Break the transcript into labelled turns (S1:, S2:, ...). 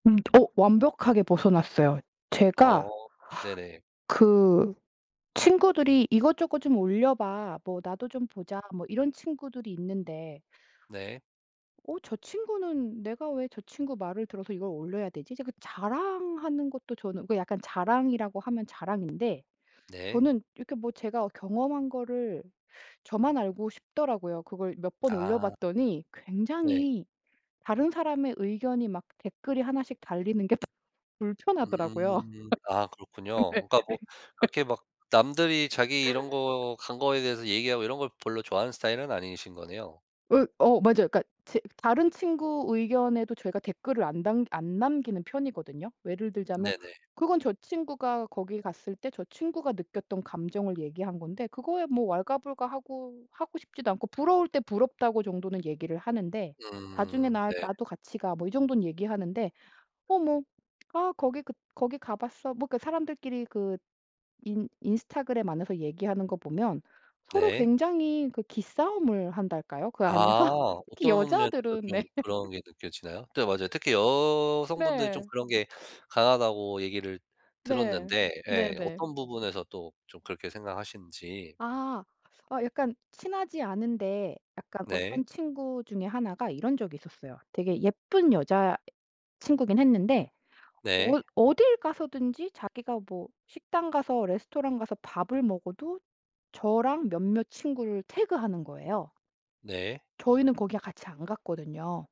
S1: 음. 어. 완벽하게 벗어났어요.
S2: 어.
S1: 제가
S2: 네네.
S1: 그 친구들이 "이것저것 좀 올려 봐. 뭐 나도 좀 보자." 뭐 이런 친구들이 있는데
S2: 네.
S1: 어 저 친구는 '내가 왜 저 친구 말을 들어서 이걸 올려야 되지?' 이제 그 자랑하는 것도 저는 그 약간 자랑이라고 하면 자랑인데
S2: 네.
S1: 저는 이렇게 뭐 제가 어 경험한 거를 저만 알고 싶더라고요. 그걸 몇 번 올려
S2: 아.
S1: 봤더니
S2: 네.
S1: 굉장히 다른 사람의 의견이 막 댓글이 하나씩 달리는 게 불편하더라고요.
S2: 음. 아 그렇군요.
S1: 네. 그러니까
S2: 그러니까 뭐
S1: 네.
S2: 그렇게 막 남들이 자기 이런 거 간 거에 대해서 얘기하고 이런 걸 별로 좋아하는 스타일은 아니신 거네요?
S1: 으 어 맞아요. 그러니까 제 다른 친구 의견에도 제가 댓글을 안 담 안 남기는 편이거든요. 예를 들자면
S2: 네네.
S1: 그건 저 친구가 거기 갔을 때 저 친구가 느꼈던 감정을 얘기한 건데 그거에 뭐 왈가불가하고 하고 싶지도 않고 부러울 때 "부럽다."고 정도는 얘기를 하는데 "나중에
S2: 음.
S1: 나
S2: 네.
S1: 나도 같이 가." 뭐 이 정도는 얘기하는데 "어 뭐 아 거기 그 거기 가 봤어." 뭐 그 사람들끼리 그 인 인스타그램 안에서 얘기하는 거 보면 서로
S2: 네.
S1: 굉장히 그 기싸움을 한달까요? 그 안에서?
S2: 아.
S1: 특히
S2: 어떤 면에서
S1: 여자들은 네.
S2: 좀 그런 게 느껴지나요? 네 맞아요. 특히 여성분들이 좀
S1: 네.
S2: 그런 게 강하다고 얘기를
S1: 네.
S2: 들었는데 예.
S1: 네네.
S2: 어떤 부분에서 또 좀 그렇게 생각하시는지.
S1: 아. 아 약간 친하지 않은데 약간
S2: 네.
S1: 어떤 친구 중에 하나가 이런 적이 있었어요. 되게 예쁜 여자 친구긴 했는데
S2: 네.
S1: 어이 어딜 가서든지 자기가 뭐 식당 가서 레스토랑 가서 밥을 먹어도 저랑 몇몇 친구를 태그하는 거예요.
S2: 네.
S1: 저희는 거기에 같이 안 갔거든요.